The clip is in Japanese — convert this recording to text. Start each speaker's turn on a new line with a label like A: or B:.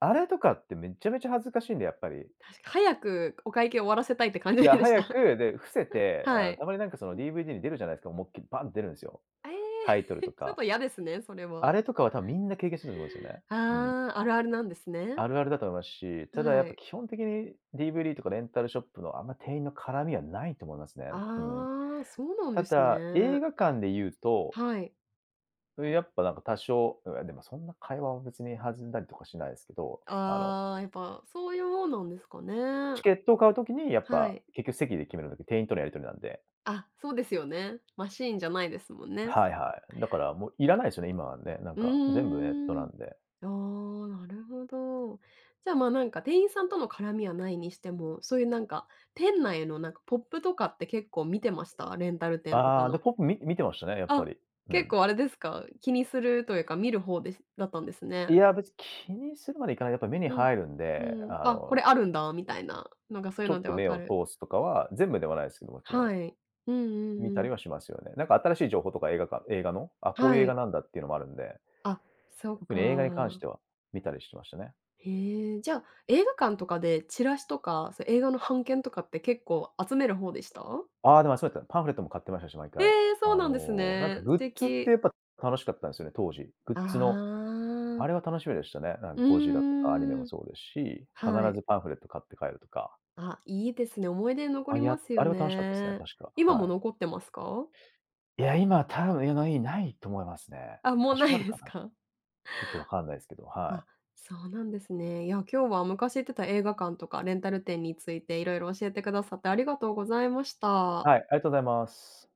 A: あれとかって、めっちゃめちゃ恥ずかしいんだよ、やっぱり。
B: 確か、早くお会計終わらせたいって感
A: い
B: じ
A: や、
B: でし
A: 早
B: た。
A: く、で、伏せて、あ
B: は
A: の、
B: い。
A: たまに、なんか、その、DVD に出るじゃないですか、思いっきりバンって出るんですよ。
B: え
A: タイト
B: え、
A: ルと
B: ちょっ
A: か。
B: とやですね、それ
A: あ
B: は。
A: れとかは、多分、みんな経験してると思うんですよね。うん。
B: ああ、あるあるなんですね。
A: あるあるだと思いますし、ただ、やっ
B: は
A: ぱ、
B: い。
A: 基本的に DVD とかレンタルショップの、あんま、店員の絡みはないと思いますね。うん。
B: ああ、そうなん
A: た
B: です
A: だ、映
B: ね。
A: 画館で言うと
B: はい。
A: うえ、やっぱ、なんか、多少いや、でも、そんな、会話は別に弾んだりとかしないですけど、あの。
B: ああ、やっぱ、そういうもんなんですかね。は
A: チ
B: い。
A: ケットを買う時に、やっ
B: は
A: ぱ、
B: い。
A: 結局席で決める時、店員とのやり取りなんで。
B: あ、そうですよね。マシーンじゃないですもんね。
A: はいはい。だから、もういらないですよね、今はね、なん
B: う
A: か、全部ネット
B: ー
A: な
B: ん。
A: んで。
B: ああ、なるほど。じゃあ、まあ、なんか、店員さんとの絡みはないにしても、そういう、なんか、店内の、なんか、ポップとかって、結構見てました？レンタル店とか
A: ああ、で、
B: の。
A: ポップ、み見てましたね、やっぱ
B: あ、
A: り、う
B: 結
A: ん。
B: 構あれですか？気にするというか、見る方ですだったんです
A: い
B: ね。
A: や、別気にするまではいかない、やっぱ、目に
B: うん。
A: 入るん
B: う
A: で。
B: ーん。
A: あ
B: あ、こ
A: の
B: れあるんだ。みたいな。なんか、そういう
A: ちょ
B: の
A: っ
B: で
A: と、
B: 分
A: 目
B: か
A: を
B: る
A: 通すとかは、全部ではないですけど、もちろ
B: は
A: ん。
B: い。うんうん
A: 見
B: う
A: たり
B: ん。
A: はしますよね、なんか、新しい情報とか映画館映画の、あ、こういう
B: は
A: 映画
B: い。
A: なんだっていうのもあるんで。
B: あ、そっ
A: 特に映画に関し
B: か。
A: ては、見たりしてましたね。
B: へえ、じゃあ、映画館とかで、チラシとか、そ映画の半券とかって結構集める方でした？
A: ああ、でも、そうだった、パンフレットも買ってましたし毎
B: え
A: 回。
B: え、そう
A: あ
B: なんです
A: の、なんか、
B: ね。素
A: グッズっ
B: 敵。
A: て、やっぱ、楽しかったんですよね、当時、グッ
B: あ
A: ズの、
B: あ。
A: あれは楽しみでしたね、なん
B: う
A: か、ゴジラとかアニメ
B: ん、うー
A: も
B: ん。
A: そうですし、必
B: はい。
A: ずパンフレット買って帰るとか。
B: あ、いいですね、思い出に残
A: ま、
B: りま
A: や、
B: す
A: あ
B: よ
A: れは楽しかったですね、
B: ね。
A: 確か、
B: 今も
A: はい。
B: 残ってますか？
A: いや、今は多分ないと思いますね。
B: あ、もう
A: 多
B: 無
A: 少あ
B: い
A: る
B: で
A: か
B: す
A: な。
B: か？
A: ちょっと分かんないですけど、は
B: あ、
A: い。
B: そうなんですね。いや、今日は昔行ってた映画館とか、レンタル店について色々教えてくださって、ありがとうございました。
A: はい。ありがとうございます。